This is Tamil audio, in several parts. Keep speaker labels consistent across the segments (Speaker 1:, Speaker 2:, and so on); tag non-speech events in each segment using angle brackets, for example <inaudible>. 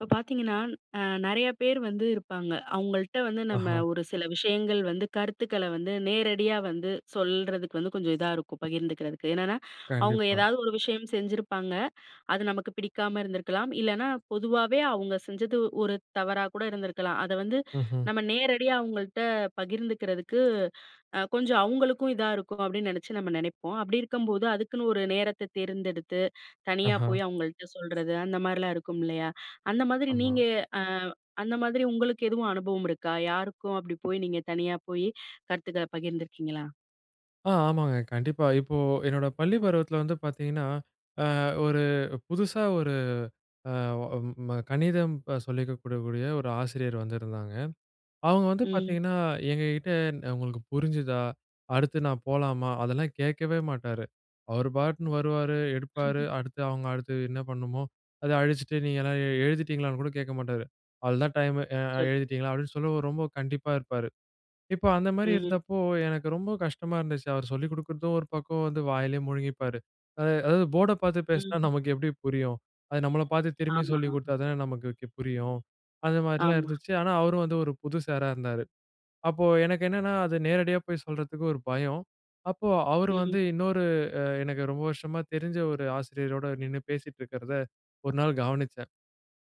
Speaker 1: இப்ப பார்த்தீங்கன்னா, அ நெறைய பேரு வந்து இருப்பாங்க. அவுங்கள்ட்ட வந்து, நம்ம
Speaker 2: ஆஹா!
Speaker 1: ஒரு சில விஷயங்கள் வந்து, கருத்துக்கள வந்து நேரடியா வந்து சொல்றதுக்கு வந்து கொஞ்சம் இதா இருக்கும். பகிர்ந்துக்கிறதுக்கு. என்னென்னா, அவங்க
Speaker 2: கண்டிப்பா.
Speaker 1: ஏதாவது ஒரு விஷயம் செஞ்சிருப்பாங்க, அது நமக்கு பிடிக்காம இருந்திருக்கலாம். இல்லைனா, பொதுவாவே, அவுங்க செஞ்சது, ஒரு தவறா கூட இருந்திருக்கலாம். அத வந்து
Speaker 2: ம்ஹ்ம்.
Speaker 1: நம்ம நேரடியா அவுங்கள்ட்ட பகிர்ந்துக்கிறதுக்கு, அ கொஞ்சம் அவுங்களுக்கும் இதா இருக்கும், அப்டின்னு நெனைச்சு, நம்ம நெனைப்போம். அப்டி இருக்கும்போது, அதுக்குன்னு ஒரு நேரத்த தேர்ந்தெடுத்து, தனியா
Speaker 2: ஆஹா!
Speaker 1: போய் அவுங்கள்ட்ட சொல்றது. அந்த மாரிலாம் இருக்கும் இல்லையா? அந்த மாதிரி,
Speaker 2: ஆமா.
Speaker 1: நீங்க அ அந்த மாதிரி உங்களுக்கு எதுவும் அனுபவம் இருக்கா? யாருக்கும் அப்படி போய் நீங்க தனியா போய் கருத்துக்கள பகிர்ந்துருக்கீங்களா?
Speaker 2: ஆ ஆமாங்க. கண்டிப்பா. இப்போ என்னோட பள்ளி பருவத்தில வந்து பார்த்தீங்கன்னா, அ ஒரு புதுசா ஒரு அ ஒ ம கணிதம் சொல்லிக்குடுக்கக்கூடிய ஒரு ஆசிரியர் வந்திருந்தாங்க. அவுங்க வந்து
Speaker 1: ம்.
Speaker 2: பார்த்தீங்கன்னா, எங்க கிட்டே, "உங்களுக்கு புரிஞ்சுதா? அடுத்து நான் போலாமா?" அதெல்லாம் கேட்கவே மாட்டாரு. அவரு பாட்டுன்னு வருவாரு, எடுப்பாரு.
Speaker 1: <chuckles>
Speaker 2: அடுத்து அவுங்க, அடுத்தது என்ன பண்ணமோ அதை அழிச்சுட்டு, நீங்கள்லாம் எழுதிட்டீங்களான்னு கூட கேட்க மாட்டாரு. "அவ்ளோதான் டைமு அ
Speaker 1: சொல்
Speaker 2: எழுதிட்டீங்களா?" அப்டீன்னு சொல்லி ரொம்ப கண்டிப்பா இருப்பாரு. இப்ப அந்த மாரி
Speaker 1: ம்.
Speaker 2: இருந்தப்போ, எனக்கு ரொம்ப கஷ்டமா இருந்துச்சு. அவர் சொல்லிக் குடுக்குறதும் ஒரு பக்கம், வந்து வாயிலயே முழுங்கிப்பாரு. அதா அதாவது போர்ட பார்த்து பேசினா,
Speaker 1: ம்.
Speaker 2: நமக்கு எப்பிடி புரியும். அது நம்மள பார்த்து, திரும்பி
Speaker 1: ஆமா.
Speaker 2: சொல்லிக் கொடுத்தா தானே நமக்கு கு புரியும். அந்த மாரிலாம்
Speaker 1: ஆமா.
Speaker 2: இருந்துச்சு. ஆனா, அவரு வந்து ஒரு புது சாரா இருந்தாரு. அப்போ, எனக்கு என்னன்னா அது நேரடியா போய் சொல்றதுக்கு ஒரு பயம். அப்போ அவரு
Speaker 1: ம்.
Speaker 2: வந்து, இன்னொரு, அ எனக்கு ரொம்ப வருஷமா தெரிஞ்ச ஒரு ஆசிரியரோட நின்னு பேசிட்டிருக்கிறத, ஒரு நாள் கவனிச்சேன்.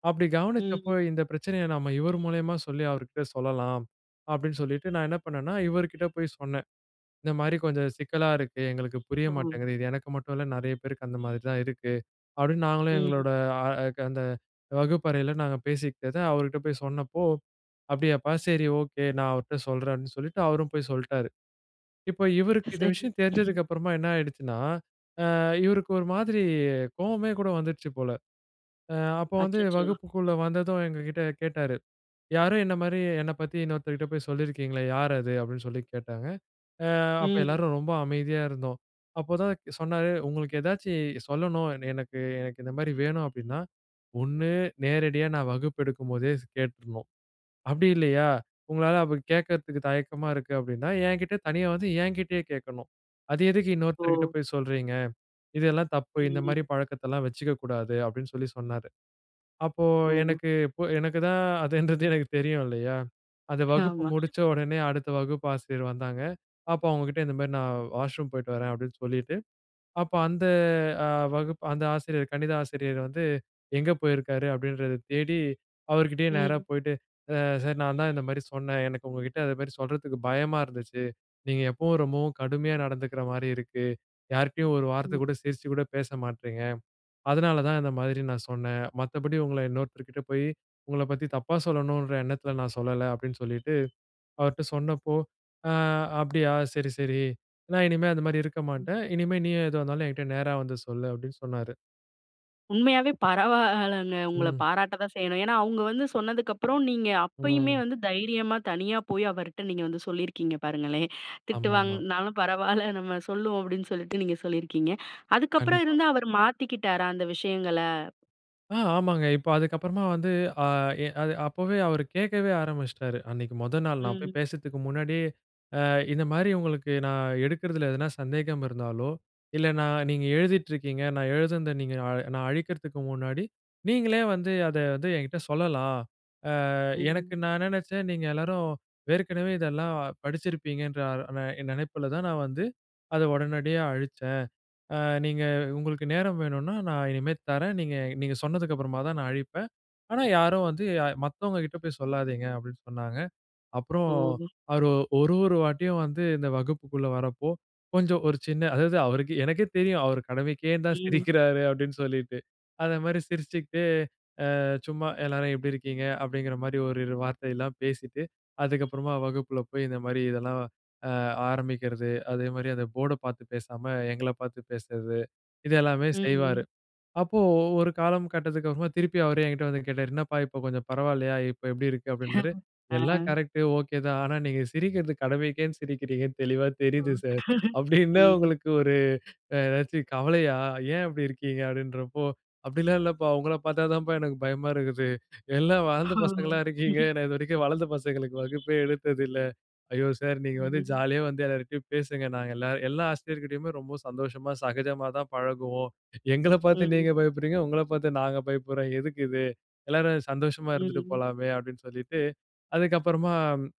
Speaker 2: அப்பிடி கவனிச்சப்போ,
Speaker 1: ம்.
Speaker 2: இந்த பிரச்சனைய நம்ம, இவரு மூலியமா சொல்லி, அவருட்ட சொல்லலாம், அப்பிடீன்னு சொல்லிட்டு, நான் என்ன பண்ணேன்னா, இவரு கிட்ட போய் சொன்னேன். இந்த மாரி கொஞ்சம் சிக்கலா இருக்கு. எங்களுக்கு புரிய
Speaker 1: ஓ!
Speaker 2: மாட்டேங்குது. இது எனக்கு மட்டும் இல்ல. நெறைய பேருக்கு அந்த மாதிரி தான் இருக்கு. அப்பிடீன்னு, நாங்களும்
Speaker 1: ம்.
Speaker 2: எங்களோட அ அ க அந்த வகுப்பறைல நாங்க பேசிக்கிட்டத, அவருட்ட போய் சொன்னப்போ, அப்டியாப்பா, சரி, ஓகே. நான் அவருட்ட சொல்றேன்னு, சொல்லிட்டு, அவரும் போய் சொல்லிட்டாரு. இப்போ, இவருக்கு இந்த
Speaker 1: சரி.
Speaker 2: விஷயம்
Speaker 1: <laughs>
Speaker 2: தெரிஞ்சதுக்கு அப்புறமா, என்ன ஆயிடுச்சுன்னா, அ இவருக்கு ஒரு மாதிரி கோவமே கூட வந்துருச்சு போல, அ அப்போ வந்து
Speaker 1: அச்சச்சோ!
Speaker 2: வகுப்புக்குள்ள
Speaker 1: ம்.
Speaker 2: வந்ததும், எங்க கிட்டே கேட்டாரு. "யாரோ என்ன மாதிரி, என்ன பத்தி, இன்னொருத்தர்கிட்ட போய் சொல்லிருக்கீங்களே? யாரு அது?" அப்டீன்னு சொல்லி கேட்டாங்க. அ அப்போ,
Speaker 1: ம்.
Speaker 2: எல்லாரும் ரொம்ப அமைதியா இருந்தோம். அப்போதான் சொன்னாரு, "உங்களுக்கு எதாச்சும் சொல்லணும், எனக்கு எனக்கு இந்த மாரி வேணும், அப்டீன்னா ஒண்ணு நேரடியா, நான் வகுப்பு எடுக்கும்போதே ஸ் கேட்டுறணும். அப்பிடி இல்லையா, உங்களால அப்பிடி கேட்கறதுக்கு தயக்கமா இருக்கு அப்பிடின்னா, என்கிட்ட தனியா வந்து, என்கிட்டயே கேட்கணும். அது எதுக்கு இன்னொருத்தர்கிட்ட
Speaker 1: ஓ!
Speaker 2: போய் சொல்றீங்க? இதெல்லாம் தப்பு. இந்த மாரி
Speaker 1: ம்ஹ்ம்.
Speaker 2: பழக்கத்தெல்லாம் வச்சுக்க கூடாது" அப்டின்னு சொல்லி சொன்னாரு. அப்போ,
Speaker 1: ஓகோ!
Speaker 2: எனக்கு இப்போ, எனக்கு தான் அதுன்றது, எனக்கு தெரியும், இல்லையா. அந்த வகுப்பு
Speaker 1: ஆமா.
Speaker 2: முடிச்ச உடனே, அடுத்த வகுப்பு ஆசிரியர் வந்தாங்க. அப்போ, அவங்க கிட்ட இந்த மாரி, நான் வாஷ்ரூம் போய்ட்டு வரேன், அப்டின்னு சொல்லிட்டு, அப்போ, அந்த அ வகுப் அந்த ஆசிரியர் கணித ஆசிரியர் வந்து, எங்கே போயிருக்காரு? அப்டின்றத தேடி, அவரு கிட்டேயே நேரா
Speaker 1: ம்.
Speaker 2: போய்ட்டு, அ "சார், நான் தான் இந்த மாரி சொன்னேன். எனக்கு உங்க கிட்ட, அந்த மாரி சொல்றதுக்கு பயமா இருந்துச்சு. நீங்க எப்பவும் ரொம்பவும் கடுமையா நடந்துக்கிற மாரி இருக்கு. யார்கிட்டேயும் ஒரு வார்த்தை
Speaker 1: ம்.
Speaker 2: கூட சிரிச்சு கூட பேச மாட்றீங்க .அதனால தான், இந்த மாதிரி நான் சொன்னேன். மத்தபடி உங்கள இன்னோர்த்தருகிட்ட போய், உங்களைப் பத்தி, தப்பா சொல்லணும்ன்ற எண்ணத்தில நான் சொல்லல." அப்டீன்னு சொல்லிட்டு, அவர்ட்ட சொன்னப்போ, "ஆ அப்டியா. சரி, சரி. நான் இனிமே அந்த மாரி இருக்க
Speaker 1: ம்.
Speaker 2: மாட்டேன். இனிமே நீ எதுவா இருந்தாலும், என்கிட்ட நேரா வந்து சொல்லு" அப்பிடீன்னு சொன்னாரு.
Speaker 1: உண்மையாவே பரவால்லங்க. உங்கள
Speaker 2: ம்.
Speaker 1: பாராட்ட தான் செய்யணும். ஏன்னா அவங்க வந்து சொன்னதுக்கு அப்புறம், நீங்க அப்பயுமே
Speaker 2: ம்.
Speaker 1: வந்து தைரியமா தனியா போயி அவர்ட்ட நீங்க வந்து சொல்லியிருக்கீங்க பாருங்களேன். "திட்டு
Speaker 2: ஆமாமா.
Speaker 1: வாங்கனாலும் பரவாயில்ல நம்ம சொல்லுவோம்" அப்படின்னு சொல்ட்டு நீங்க சொல்லியிருக்கீங்க. அதுக்கப்புறம்
Speaker 2: கண்டிப்பா.
Speaker 1: இருந்து, அவரு மாத்திக்கிட்டாரா அந்த விஷயங்கள?
Speaker 2: ஆ ஆமாங்க. இப்போ அதுக்கப்புறமா வந்து, அ எ அது அப்பவே அவரு கேட்கவே ஆரம்பிச்சிட்டாரு. அன்னைக்கு மொதல் நாள் நான் போயி
Speaker 1: ம்.
Speaker 2: பேசத்துக்கு முன்னாடியே அ இந்த மாரி, "உங்களுக்கு நான் எடுக்கிறதில எதனா சந்தேகம் இருந்தாலோ, இல்ல நான் நீங்க எழுதிட்டு இருக்கீங்க, நான் எழுதுனது நீங்க நா நான் அழிக்கிறதுக்கு முன்னாடி நீங்களே வந்து, அத வந்து என்கிட்ட சொல்லலாம். அ
Speaker 1: ம்.
Speaker 2: எனக்கு நான் என்ன நெனச்சேன். நீங்க எல்லோரும் ஏற்கனவே இதெல்லாம் படிச்சிருப்பீங்கன்ற அ நெ நெனைப்பில தான், நான் வந்து அத உடனடியா அழிச்சேன். ஆ நீங்க உங்களுக்கு நேரம் வேணும்னா, நான் இனிமே தர்றேன். நீங்க நீங்க சொன்னதுக்கு அப்புறமா தான் நான் அழிப்பேன். ஆனா யாரும் வந்து மத்தவங்க கிட்ட போய் சொல்லாதீங்க" அப்படின்னு சொன்னாங்க.
Speaker 1: ஓ!
Speaker 2: அப்புறோம் அவரு ஒரு ஒரு வாட்டியும் வந்து இந்த வகுப்புக்குள்ள வர்றப்போ, கொஞ்சம் ஒரு சின்ன அதாவது அவருக்கே எனக்கே தெரியும், அவரு கடமைக்கேன் தான்
Speaker 1: ம்.
Speaker 2: சிரிக்கிறாரு அப்படினு சொல்லிட்டு. அந்த மாரி சிரிச்சிக்கிட்டே அ சும்மா, "எல்லாரும் எப்படி இருக்கீங்க?" அப்படிங்கற மாரி ஒரு இரு வார்த்தைல்லாம் பேசிட்டு, அதுக்கு அப்புறமா வகுப்புல போயி, இந்த மாதிரி இதெல்லாம் அ ஆரம்பிக்கறது. அதே மாரி அந்த போர்ட்ட பார்த்து பேசாம, எங்கள பார்த்து பேசுறது, இது எல்லாமே செய்வாரு.
Speaker 1: ம்.
Speaker 2: அப்போ ஒரு காலம் கட்டத்துக்கு அப்புறமா திருப்பி அவரே என்கிட்ட வந்து கேட்டாரு, "என்னப்பா இப்போ கொஞ்சம் பரவாயில்லையா? இப்போ எப்படி இருக்கு?" அப்படின்னாரு.
Speaker 1: <chuckles>
Speaker 2: "எல்லாம்
Speaker 1: அ.
Speaker 2: கரெக்ட்டு, ஒகே தான். ஆனா நீங்க சிரிக்கிறது கடமைக்கேனு சிரிக்கிறீங்கனு தெளிவா
Speaker 1: ஓ!
Speaker 2: தெரிது சர்.
Speaker 1: <chuckles>
Speaker 2: அப்படி என்ன
Speaker 1: ம்.
Speaker 2: உங்களுக்கு ஒரு அ எதாச்சும் கவலையா, ஏன் அப்படி இருக்கீங்க?" அப்படின்றப்போ. "அப்படிலாம் இல்லப்பா உங்கள பார்த்தா தான்ப்பா எனக்கு பயமா இருக்குது. எல்லாம் வளர்ந்த
Speaker 1: ஓ!
Speaker 2: பசங்களா இருக்கீங்க,
Speaker 1: ம்ஹ்ம்
Speaker 2: நான் இதுவரைக்கும் வளர்ந்த பசங்களுக்கு வகுப்பே எடுத்ததில்லை". "ஐயோ சார்! நீங்க வந்து
Speaker 1: ம்.
Speaker 2: ஜாலியா வந்து எல்லார்கிட்டயும் பேசுங்க. நாங்க எல்லாரும், எல்லா ஆசிரியர்கிட்டேயுமே ரொம்ப சந்தோஷமா சகஜமா தான் பழகுவோம். எங்கள பார்த்து நீங்க
Speaker 1: ம்.
Speaker 2: பயப்படுறீங்க, உங்கள பார்த்து நாங்க பயப்படுறோம். எதுக்கு இது? எல்லாரும் சந்தோஷமா இருந்துட்டு
Speaker 1: ம்.
Speaker 2: போலாமே" அப்படின்னு சொல்லிட்டு. அதுக்கப்புறமா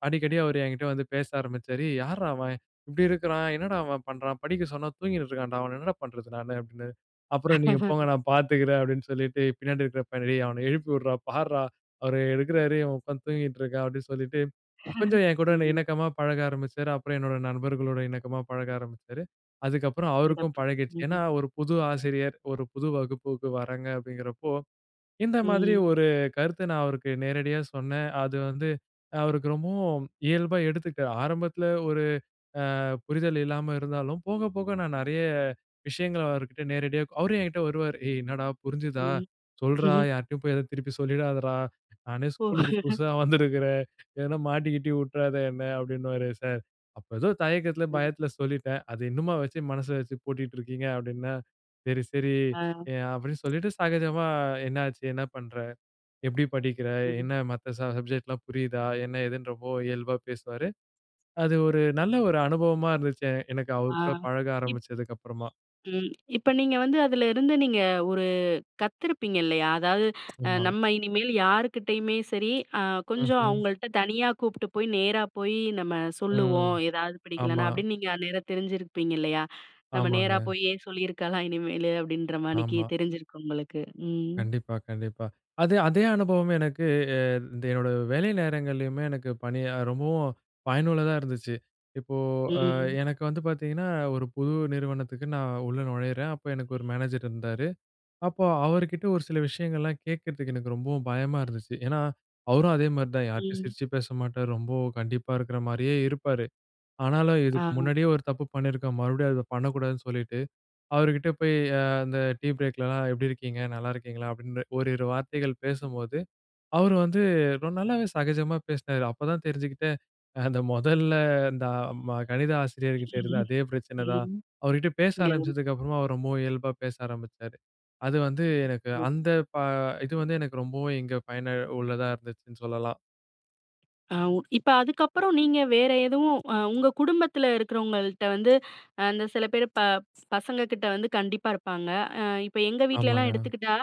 Speaker 2: அடிக்கடி அவரு என்கிட்ட வந்து பேச ஆரம்பிச்சாரு. "ஏ யார்ரா அவன்? இப்படி இருக்கிறான் என்னடா அவன் பண்றான்? படிக்க சொன்னா தூங்கினு இருக்கான்டா. அவன என்னடா பண்ணுறது நானு?" அப்படின்னாரு. "அப்புறம் நீங்க போங்க
Speaker 1: <laughs>
Speaker 2: நான் பார்த்துக்கிறேன்" அப்படின்னு சொல்லிட்டு. பின்னாடி இருக்கிற பையனை, "டேய் அவனை எழுப்பி உட்றா. பார்றா அவரு எடுக்கிறாரு. இவன் உட்காந்து தூங்கிட்டு இருக்கான்" அப்படின்னு சொல்லிட்டு, கொஞ்சம்
Speaker 1: <laughs>
Speaker 2: என்கூட
Speaker 1: ம்.
Speaker 2: இணக்கமாக பழக ஆரம்பிச்சாரு. அப்புறம் என்னோட நண்பர்களோட இணக்கமா பழக ஆரம்பிச்சாரு, அதுக்கப்புறம் அவருக்கும்
Speaker 1: சிறப்பு!
Speaker 2: பழகிடுச்சு. ஏன்னா,
Speaker 1: ம்.
Speaker 2: ஒரு புது ஆசிரியர் ஒரு புது வகுப்புக்கு வர்றாங்க அப்படிங்கிறப்போ, இந்த மாதிரி
Speaker 1: ம்.
Speaker 2: ஒரு கருத்த நான் அவருக்கு நேரடியா சொன்னேன். அது வந்து அ அவருக்கு ரொம்பவும் இயல்பா எடுத்துக்கிட்டாரு, ஆரம்பத்தில ஒரு அ புரிதல் இல்லாம இருந்தாலும் போக போக நான் நிறைய விஷயங்கள அவர்கிட்ட நேரடியா அவரும் என்கிட்ட வருவாரு, "ஏய் என்னாடா? புரிஞ்சுதா
Speaker 1: ம்.
Speaker 2: சொல்றா,
Speaker 1: <snorts>
Speaker 2: யார்டயும் போயி ஏதோ திருப்பி சொல்லிடாதடா, நானே
Speaker 1: ஓ!
Speaker 2: ஸ்கூலுக்கு
Speaker 1: <chuckles>
Speaker 2: புதுசா வந்திருக்கிறேன் <chuckles> ஏதனா மாட்டிக்கிட்டி உட்டுறாத என்ன" அப்படின்னுவாரு. "சார், அப்போ ஏதோ தயக்கத்தில
Speaker 1: ம்.
Speaker 2: பயத்தில சொல்லிட்டேன். அது இன்னுமா வச்சி, மனசில வச்சு பூட்டிட்டு இருக்கீங்க?" அப்படின்னா. "சரி, சரி"
Speaker 1: ஆ.
Speaker 2: எ அப்டினு சொல்லிட்டு, சகஜமா, "என்ன ஆச்சு? என்ன பண்ற? எப்படி படிக்கிற?
Speaker 1: ம்.
Speaker 2: என்ன மத்த ச சப்ஜெக்ட்லாம் புரியுதா?" என்ன எதுன்னு ரொம்ப இயல்பா பேசுவாரு. அது ஒரு நல்ல ஒரு அனுபவமா இருந்துச்சு, எனக்கு
Speaker 1: ஆ.
Speaker 2: அவர் கூட பழக
Speaker 1: இப்
Speaker 2: ஆரம்பிச்சதுக்கு அப்புறமா.
Speaker 1: ம், இப்ப நீங்க வந்து அதில இருந்து நீங்க ஒரு கத்திருப்பீங்க இல்லையா? அதாவது அ,
Speaker 2: ஆமா.
Speaker 1: "நம்ம இனிமேல் யாருக்கிட்டயுமே சரி, அ கொஞ்சம்
Speaker 2: ம்ஹ்ம்.
Speaker 1: அவங்கள்ட்ட தனியா கூப்பிட்டு போயி, நேரா போயி நம்ம
Speaker 2: ம்.
Speaker 1: சொல்லுவோம். ஏதாவது
Speaker 2: ஆமா.
Speaker 1: பிடிக்கலைன்னா" அப்படின்னு நீங்க நேரா தெரிஞ்சிருப்பீங்க இல்லையா? நம்ம நேரா
Speaker 2: ஆமாங்க.
Speaker 1: போயே சொல்லியிருக்கலாம் இனிமேலு, அப்படின்ற மானிக்கி,
Speaker 2: ஆமா.
Speaker 1: தெரிஞ்சிருக்கும் உங்களுக்கு. ம்.
Speaker 2: கண்டிப்பா, கண்டிப்பா. அதே அதே அனுபவமே எனக்கு அ இந்த என்னோட வேலை நேரங்கள்லயுமே எனக்கு பணி ரொம்பவும் பயனுள்ளதா இருந்துச்சு. இப்போ அ
Speaker 1: ம்.
Speaker 2: எனக்கு வந்து பார்த்தீங்கன்னா, ஒரு புது நிறுவனத்துக்கு நான் உள்ள நுழையிறேன். அப்போ எனக்கு ஒரு மேனேஜர் இருந்தாரு, அப்போ அவர்கிட்ட ஒரு சில விஷயங்கள்லாம் கேட்கிறதுக்கு எனக்கு ரொம்பவும் பயமா இருந்துச்சு. ஏன்னா, அவரும் அதே மாரி தான், யார்ட்டயும்
Speaker 1: ம்.
Speaker 2: சிரிச்சி பேச மாட்டாரு. ரொம்ப கண்டிப்பா இருக்கற மாரியே இருப்பாரு. ஆனாலும், இதுக்கு
Speaker 1: ஆ.
Speaker 2: முன்னாடியே ஒரு தப்பு பண்ணியிருக்கோம், மறுபடியும் அத பண்ணக்கூடாதுன்னு சொல்லிட்டு, அவருகிட்ட போயி அ அந்த டீ பிரேக்லலாம், "எப்படி இருக்கீங்க? நல்லா இருக்கீங்களா?" அப்படின்ற ஓரிரு வார்த்தைகள் பேசும்போது, அவரு வந்து ஒரு நல்லாவே சகஜமா பேசுனாரு. அப்போ தான் தெரிஞ்சுக்கிட்டேன். அந்த மொதல்ல இந்த அ ம கணித ஆசிரியர்கிட்ட இருந்த
Speaker 1: ம்.
Speaker 2: அதே பிரச்சனை தான்,
Speaker 1: ம்.
Speaker 2: அவர்கிட்ட பேச
Speaker 1: <unintelligible>
Speaker 2: ஆரம்பிச்சதுக்கு அப்புறமா அவர் ரொம்பவும் இயல்பா பேச ஆரம்பிச்சாரு. அது வந்து எனக்கு அந்த
Speaker 1: <unintelligible>
Speaker 2: ப இது வந்து எனக்கு ரொம்பவும் இங்க பயனா உள்ளதா இருந்துச்சுன்னு சொல்லலாம்.
Speaker 1: ஆ. உ இப்ப அதுக்கப்புறம் நீங்க வேறு எதுவும் ஆ உங்க குடும்பத்தில இருக்கிறவங்கள்ட்ட வந்து, அந்த சில பேர் ப பசங்க கிட்ட வந்து கண்டிப்பா இருப்பாங்க. ஆ இப்ப எங்க வீட்லலாம்
Speaker 2: ஆமாங்க.
Speaker 1: எடுத்துக்கிட்டா,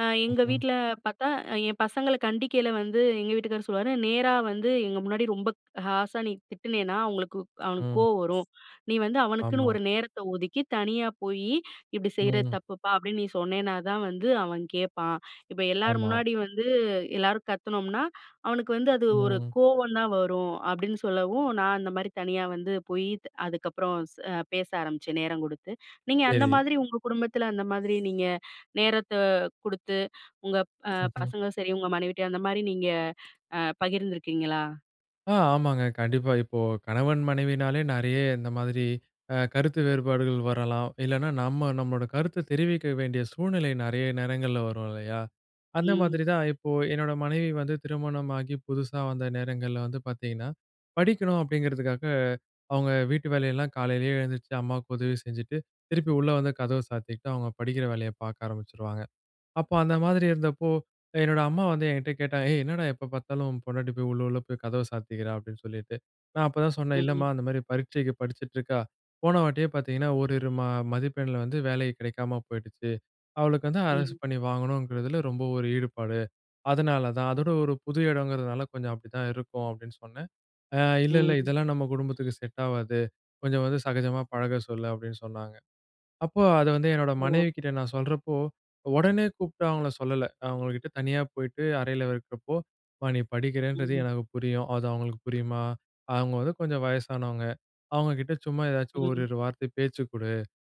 Speaker 1: ஆ எங்க
Speaker 2: ம்.
Speaker 1: வீட்டில பார்த்தா ஆ என் பசங்கள கண்டிக்கையில வந்து எங்க வீட்டுக்காரு சொல்லுவாரு, நேராவந்து எங்க முன்னாடி ரொம்ப ஹார்ஷா நீ திட்டினன்னா, அவங்களுக்கு அவனுக்கு
Speaker 2: ம்.
Speaker 1: கோவம் வரும். நீ வந்து அவனுக்குன்னு
Speaker 2: ஆமா.
Speaker 1: ஒரு நேரத்த ஒதுக்கி தனியா போயி, "இப்படி செய்யறது
Speaker 2: ம்.
Speaker 1: தப்புப்பா" அப்படின்னு நீ சொன்னேனா தான் வந்து அவன் கேப்பான். இப்ப எல்லார்
Speaker 2: ஆமா.
Speaker 1: முன்னாடி வந்து, எல்லாரும் கத்துனோம்னா அவனுக்கு வந்து அது ஒரு
Speaker 2: ம்.
Speaker 1: கோவம் தான் வரும். அப்படின்னு சொல்லவும் நான் அந்த மாரி தனியாவந்து போயி, அதுக்கப்புறம் ச அ பேச ஆரம்பிச்சேன், நேரம் கொடுத்து. நீங்க அந்த
Speaker 2: சரி.
Speaker 1: மாதிரி உங்க குடும்பத்தில, அந்த மாதிரி நீங்க நேரத்த குடுத்து, <inhales> உங்க ப
Speaker 2: ம்ஹ்ம்.
Speaker 1: பசங்க சரி, உங்க மனைவிட்ட அந்த மாதிரி நீங்க பகிர்ந்துருக்கீங்களா?
Speaker 2: ஆ. ஆமாங்க கண்டிப்பா. இப்போ கணவன் மனைவினாலே, நிறைய இந்த மாதிரி ஆ கருத்து வேறுபாடுகள் வரலாம். இல்லைனா நம்ம நம்மளோட கருத்து தெரிவிக்க வேண்டிய சூழ்நிலை நிறைய நேரங்கள்ல வரும் இல்லையா? அந்த
Speaker 1: ம்.
Speaker 2: மாதிரி தான், இப்போ என்னோட மனைவி வந்து திருமணமாகி புதுசா வந்த நேரங்கள்ல வந்து பார்த்திங்கன்னா, படிக்கணும் அப்படிங்கிறதுக்காக அவங்க வீட்டு வேலையெல்லாம் காலையிலேயே எழுந்திரிச்சு அம்மாவுக்கு உதவி செஞ்சுட்டு, திருப்பி உள்ள வந்து கதவ சாத்திக்கிட்டு, அவங்க படிக்கற வேலைய பார்க்க ஆரம்பிச்சுடுவாங்க. அப்ப அந்த மாதிரி இருந்தப்போ, என்னோட அம்மா வந்து என்கிட்ட கேட்டா, ஏய்! என்னடா எப்போ பார்த்தாலும் உன் பொண்டாட்டி போய் உள்ள உள்ள போய் கதவ சாத்திக்கிறா? அப்படின்னுட்டு. நான் அப்போ தான் சொன்னேன் இல்லம்மா,
Speaker 1: ம்.
Speaker 2: அந்த மாரி பரீட்சைக்கு படிச்சுட்டு இருக்கா, போன வாட்டியே பார்த்திங்கன்னா ஓரு இரு ம மதிப்பெண்ல வந்து வேல கிடைக்காம போய்டுச்சு. அவளுக்கு வந்து அரசு
Speaker 1: ம்.
Speaker 2: பண்ணி வாங்கணுங்கிறதில ரொம்ப ஒரு ஈடுபாடு. அதனால தான். அதோட ஒரு புது இடம்ங்கிறதுனால கொஞ்சம் அப்படி தான் இருக்கும், அப்படின்னு சொன்னேன். ஆ இல்ல இல்ல
Speaker 1: ம்.
Speaker 2: இதெல்லாம் நம்ம குடும்பத்துக்கு செட் ஆவாது. கொஞ்சம் வந்து சகஜமா பழக சொல்லு, அப்படின்னு சொன்னாங்க. அப்போ அத வந்து என்னோட
Speaker 1: ஓ!
Speaker 2: மனைவிகிட்ட நான் சொல்றப்போ, உடனே கூப்பிட்டு அவங்கள சொல்லல. அவங்கள்கிட்ட தனியா போய்விட்டு அறையில இருக்கிறப்போ, மா நீ படிக்கிறேன்றது
Speaker 1: ம்.
Speaker 2: எனக்கு புரியும், அது அவங்களுக்கு புரியுமா? அவங்க வந்து கொஞ்சம் வயசானவங்க. அவங்க கிட்ட சும்மா ஏதாச்சும் ஒரு
Speaker 1: ம்.
Speaker 2: இரு வார்த்த பேச்சு கொடு.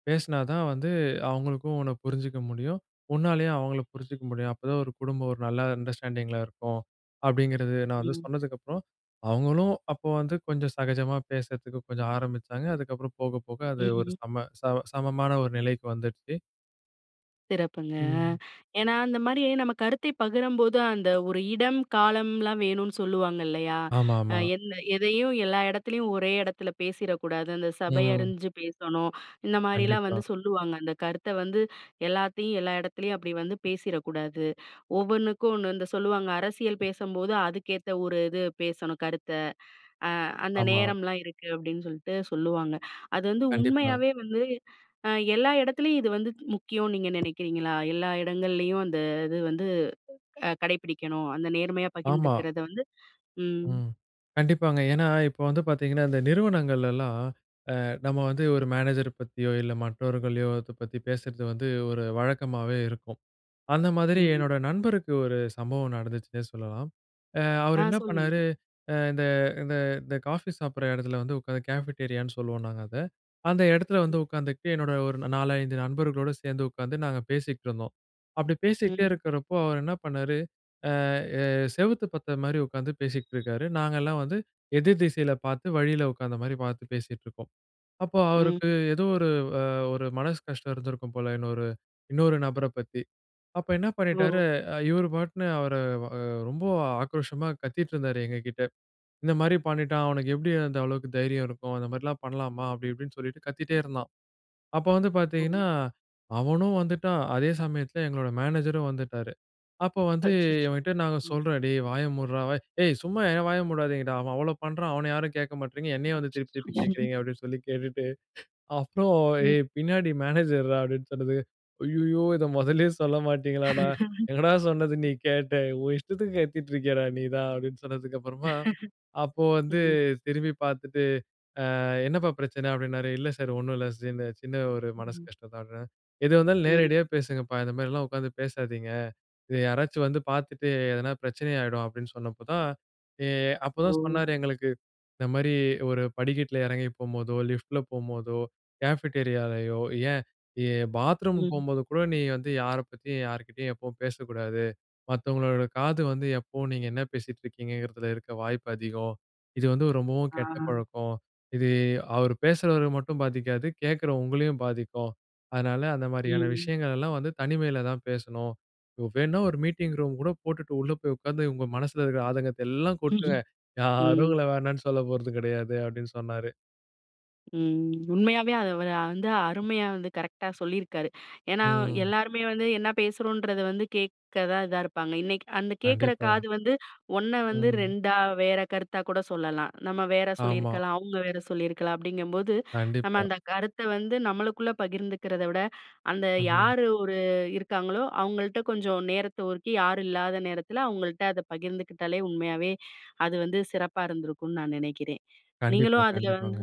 Speaker 2: பேசினா தான் வந்து அவங்களுக்கும் உன்ன புரிஞ்சுக்க முடியும். உன்னாலேயும் அவங்கள புரிஞ்சுக்க முடியும். அப்போ தான் ஒரு குடும்பம் ஒரு நல்ல அண்டர்ஸ்டாண்டிங் இருக்கும். அப்படிங்கிறது நான் வந்து
Speaker 1: ம்.
Speaker 2: சொன்னதுக்கு அப்புறம், அவங்களும் அப்போ வந்து கொஞ்சம் சகஜமா பேசுறதுக்கு கொஞ்சம் ஆரம்பிச்சாங்க. அதுக்கப்புறம் போக போக அது ஒரு
Speaker 1: ம்.
Speaker 2: சம சம சமமான ஒரு நிலைக்கு வந்துடுச்சு.
Speaker 1: சிறப்புங்க. அ.
Speaker 2: ம்.
Speaker 1: ஏன்னா அந்தமாரி நம்ம கருத்தை பகிரம்போது அந்த ஒரு இடம், காலம்லாம் வேணுன்னு சொல்லுவாங்க இல்லயா!
Speaker 2: ஆமா
Speaker 1: அ
Speaker 2: ஆமா.
Speaker 1: எந்த எதையும், எல்லா எடத்துலயும் ஒரே எடத்தில பேசிறக்கூடாது. அந்த சபை
Speaker 2: ம்.
Speaker 1: அறிஞ்சு பேசணும். இந்த மாதிரிலாம்
Speaker 2: கண்டிப்பா.
Speaker 1: வந்து சொல்லுவாங்க. அந்த கருத்த வந்து, எல்லாத்தையும், எல்லா எடத்துலயும், அப்பிடி வந்து பேசிறக்கூடாது. ஒவ்வொண்ணுக்கும் ஒண்ணு இந்த சொல்லுவாங்க. "அரசியல் பேசம்போது, அதுக்கேத்த ஒரு இது பேசணும் கருத்த. அ அந்த
Speaker 2: ஆமா.
Speaker 1: நேரம்லாம் இருக்கு." அப்பிடின்னு சொல்ட்டு சொல்லுவாங்க. அது வந்து
Speaker 2: கண்டிப்பா.
Speaker 1: உண்மையாவே வந்து, அ எல்லா எடத்திலயும் இது வந்து முக்கியம் நீங்க நெனைக்கிறீங்களா? எல்லா எடங்கள்லயும் அந்த இது வந்து, அ கடைப்பிடிக்கணும். அந்த நேர்மையா
Speaker 2: ஆமா.
Speaker 1: பகிந்திருக்கிறத வந்து ம்.
Speaker 2: ம். கண்டிப்பாங்க. ஏன்னா, இப்போ வந்து பாத்தீங்கன்னா, இந்த நிறுவனங்களெல்லாம், அ நம்ம வந்து, ஒரு மேனேஜர் பத்தியோ இல்ல மற்றவர்களையோ! அத பத்தி பேசறது வந்து, ஒரு வழக்கமாவே இருக்கும். அந்த மாதிரி
Speaker 1: ம்.
Speaker 2: என்னோட நண்பருக்கு ஒரு சம்பவம் நடந்துச்சுன்னே சொல்லலாம். அ அவரு
Speaker 1: ஆ!
Speaker 2: என்னா
Speaker 1: சொல்லுங்க.
Speaker 2: பண்ணாரு, அ இந்த இந்த இந்த காஃபி சாப்பிட்ற இடத்துல வந்து உக்காந்து, கேஃபிட்டேரியா ன்னு சொல்லுவோம் நாங்க அத. அந்த எடத்தில வந்து
Speaker 1: ம்.
Speaker 2: உக்காந்துகிட்டு என்னோட ஒரு நா 4, 5 நண்பர்களோட சேந்து உக்காந்து, நாங்க பேசிக்ட்டுருந்தோம். அப்பிடி பேசிக்கிட்டே
Speaker 1: ம்.
Speaker 2: இருக்கிறப்போ, அவரு என்ன பண்ணாரு, அ, அ செவுத்த பாத்த மாரி உக்காந்து
Speaker 1: <blows air>
Speaker 2: பேசிக்ட்ருக்கிறாரு. நாங்க எல்லாம் வந்து
Speaker 1: <blows air>
Speaker 2: எதிர் திசையில பாத்து வழியில உட்கார்ந்த மாரி பாத்து பேசிட்டுருக்கோம். அப்போ
Speaker 1: ம்.
Speaker 2: அவருக்கு
Speaker 1: ம்.
Speaker 2: ஏதோ ஒரு வ ஒரு மனசு கஷ்டம் இருந்திருக்கும் போல, இன்னொரு இன்னொரு நபர பத்தி. அப்ப என்ன பண்ணிட்டாரு,
Speaker 1: ஓ!
Speaker 2: அ இவரு பாட்டுனு அவர வ அ ரொம்ப ஆக்ரோஷமா கத்திட்டு இருந்தாரு எங்கக்கிட்ட. "இந்த மாரி பண்ணிட்டான். அவனுக்கு எப்டி அந்த அளவுக்கு தைரியம் இருக்கும். அந்த மாரில்லாம் பண்ணலாமா!" அப்பிடி இப்பிடினு சொல்லிட்டு, கத்திட்டே இருந்தான். அப்போ வந்து
Speaker 1: ஓ!
Speaker 2: பாத்தீங்கன்னா, அவனும் வந்துட்டான். அதே சமயத்தில எங்களோட மேனேஜரும் வந்துட்டாரு. அப்போ வந்து,
Speaker 1: அச்சச்சோ!
Speaker 2: இவன்கிட்ட நாங்க
Speaker 1: ம்.
Speaker 2: சொல்றோம். "டேய்! வாய மூட்றா! வாய்" "ஏய், சும்மா என் வாய மூடாதீங்கடா! அவன் அவ்ளோ பண்ணுறான், அவன யாரும் கேக்க மாட்றீங்க. என்னையே வந்து திருப்பி
Speaker 1: அச்சச்சோ!
Speaker 2: திருப்பி
Speaker 1: <chuckles>
Speaker 2: கேக்குறீங்க"அப்டின்னு சொல்லி கேட்டுட்டு, அப்புறம்
Speaker 1: ம்.
Speaker 2: "ஏய்! பின்னாடி மேனேஜர்ரா" அப்பிடின்னு சொன்னது, "ஐய்யய்யோ! இத மொதல்லயே சொல்ல மாட்டீங்களாடா!" "எங்கடா, சொன்னது
Speaker 1: <laughs> ம்.
Speaker 2: நீ கேட்ட. உன் இஷ்டத்துக்கு கத்திட்டு இருக்கியேடா! நீ தான்" அப்பிடின்னு சொன்னதுக்கு அப்புறமா, அப்போ
Speaker 1: <laughs>
Speaker 2: வந்து
Speaker 1: ம்.
Speaker 2: திரும்பி பாத்துட்டு, "ஆ என்னப்பா பிரச்சன" அப்பிடினாரு. இல்ல சார், ஒண்ணும் இல்ல. இந்த சின்ன ஒரு மனசு
Speaker 1: ம்.
Speaker 2: கஷ்டம்தான்ட்றேன். "எதுவாருந்தாலும்
Speaker 1: ம்.
Speaker 2: நேரடியா பேசுங்கப்பா! இந்தமாரில்லாம் உக்கார்ந்து பேசாதீங்க. இத யாராச்சும் வந்து பாத்துட்டு எதனா பிரச்சனை ஆயிடும்" அப்பிடினு சொன்னப்போ தான், ஏ அப்பதான்
Speaker 1: ஓ!
Speaker 2: சொன்னாரு எங்களுக்கு. இந்த மாரி "ஒரு படிக்கட்ல எறங்கி போம்போதோ! லிஃப்ட்‌ல போம்போதோ! கேஃபிட்டேரியா லயோ! ஏன் எ பாத்ரூம்
Speaker 1: ம்.
Speaker 2: போம்போதுகூட நீ வந்து யார பத்தியும், யாருகிட்டேயும் எப்பவும் பேசக்கூடாது. மத்தவங்களோட காது வந்து எப்பவும் நீங்க என்ன பேசிட்டுருக்கீங்கங்கிறதில இருக்க வாய்ப்பு அதிகம். இது வந்து ரொம்பவும் கெட்ட
Speaker 1: ஆ.
Speaker 2: பழக்கம். இது அவரு பேசுறவர மட்டும் பாதிக்காது. கேக்கிற உங்களையும் பாதிக்கும். அதனால அந்தமாரியான
Speaker 1: ம்.
Speaker 2: விஷயங்கள் எல்லாம் வந்து தனிமையில தான் பேசணும். வேணா ஒரு மீட்டிங் ரூம் கூட போட்டுட்டு, உள்ள போய் உக்கார்ந்து உங்க மனசுல இருக்கிற ஆதங்கத்த எல்லாம் கொட்டுங்க.
Speaker 1: ம்ஹ்ம்.
Speaker 2: யாரும்
Speaker 1: ம்
Speaker 2: உங்கள வேணான்னு சொல்ல போறது கெடையாது" அப்பிடின்னு சொன்னாரு.
Speaker 1: ம். உண்மையாவே அதை வத வ வந்து அருமையா வந்து கரெக்டா சொல்லியிருக்காரு. ஏன்னா
Speaker 2: ம்.
Speaker 1: எல்லாருமே வந்து என்ன பேசுறோன்றத வந்து கேட்க தான் இதா இருப்பாங்க. இன்னைக்கு அந்த கேட்குற
Speaker 2: கண்டிப்பா.
Speaker 1: காது வந்து 1 வந்து
Speaker 2: ம்.
Speaker 1: 2 வேற கருத்தா கூட சொல்லலாம். நம்ம வேற
Speaker 2: ஆமா.
Speaker 1: சொல்லியிருக்கலாம். அவங்க வேற சொல்லியிருக்கலாம். அப்படிங்கும்போது நம்ம
Speaker 2: கண்டிப்பா.
Speaker 1: அந்த கருத்தை வந்து நம்மளுக்குள்ள பகிர்ந்துக்கிறத விட, அந்த
Speaker 2: ம்.
Speaker 1: யார் ஒரு இருக்காங்களோ அவங்கள்ட்ட கொஞ்சம் நேரத்தை ஒதுக்கி யாரும் இல்லாத நேரத்தில அவங்கள்ட்ட அதை பகிர்ந்துக்கிட்டாலே, உண்மையாவே அது வந்து சிறப்பா இருந்திருக்கும்னு நான் நெனைக்கிறேன்.
Speaker 2: கண்டிப்பா,
Speaker 1: நீங்களும் அதில
Speaker 2: கண்டிப்பாங்க.
Speaker 1: வந்து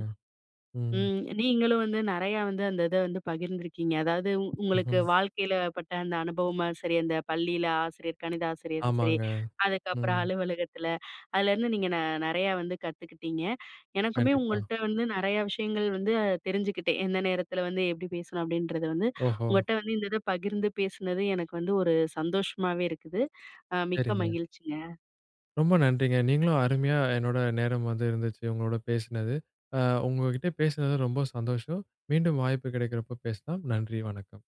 Speaker 2: ம்.
Speaker 1: ம் நீங்களும் வந்து நெறையா வந்து அந்த இதை வந்து பகிர்ந்துருக்கீங்க. அதாவது உங்களுக்கு
Speaker 2: ஹ்ம்.
Speaker 1: வாழ்க்கையில பட்ட அந்த அனுபவமா சரி, அந்த பள்ளியில ஆசிரியர் கணித ஆசிரியருது சரி,
Speaker 2: ஆமாங்க.
Speaker 1: அதுக்கப்பறம்
Speaker 2: ம்.
Speaker 1: அலுவலகத்தில. அதுலேருந்து நீங்க நெ நெறையா வந்து கத்துக்கிட்டீங்க. எனக்குமே
Speaker 2: கண்டிப்பா.
Speaker 1: உங்கள்ட்ட வந்து நெறைய விஷயங்கள் வந்து அ தெரிஞ்சுக்கிட்டேன். எந்த நேரத்தில வந்து எப்படி பேசணும் அப்படின்றது வந்து.
Speaker 2: ஓஹோ.
Speaker 1: உங்கள்ட்ட வந்து இந்த இத பகிர்ந்து பேசினது எனக்கு வந்து ஒரு சந்தோஷமாவே இருக்குது. அ மிக்க
Speaker 2: சரிங்க.
Speaker 1: மகிழ்ச்சிங்க.
Speaker 2: ரொம்ப நன்றிங்க. நீங்களும் அருமையா என்னோட நேரம் வந்து இருந்துச்சு. உங்களோட பேசினது. அ உங்ககிட்ட பேசினது ரொம்ப சந்தோஷம். மீண்டும் வாய்ப்பு கிடைக்கறப்ப பேசலாம். நன்றி, வணக்கம்.